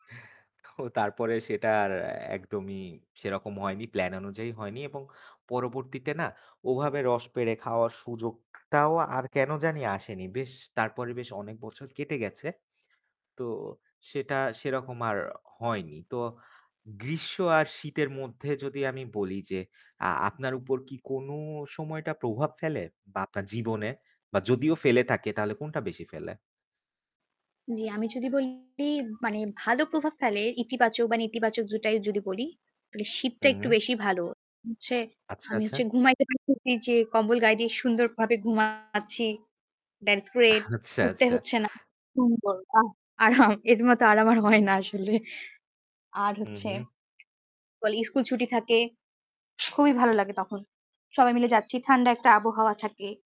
ও তারপরে সেটার একদমই সেরকম হয়নি। প্ল্যান অনুযায়ী হয়নি এবং পরবর্তীতে না ওভাবে রস পেরে খাওয়ার সুযোগটাও আর কেন জানি আসেনি। বেশ তারপরে বেশ অনেক বছর কেটে গেছে। তো সেটা সেরকম আর হয়নি। তো গ্রীষ্ম আর শীতের মধ্যে যদি আমি বলি যে, আ আপনার উপর কি কোন সময়টা প্রভাব ফেলে বা আপনার জীবনে বা যদিও ফেলে থাকে তাহলে কোনটা বেশি ফেলে? জি, আমি যদি বলি, মানে ভালো প্রভাব ফেলে ইতিবাচক বা নেতিবাচক দুটাই যদি বলি তাহলে শীতটা হু, একটু হু। বেশি ভালো। হচ্ছে আচ্ছা, আমি হচ্ছে আচ্ছা। ঘুমাইতে পারতেছি যে কম্বল গায়ে দিয়ে সুন্দরভাবে ঘুমাচ্ছি। That's great। আচ্ছা, উঠতে আচ্ছা। হচ্ছে না। সুন্দর আহ! আরাম! এর মতো আরাম আর হয় না আসলে আর হুম, হচ্ছে হুম। [unintelligible] স্কুল ছুটি থাকে। খুবই ভালো লাগে তখন। সবাই মিলে যাচ্ছি। ঠান্ডা একটা আবহাওয়া থাকে।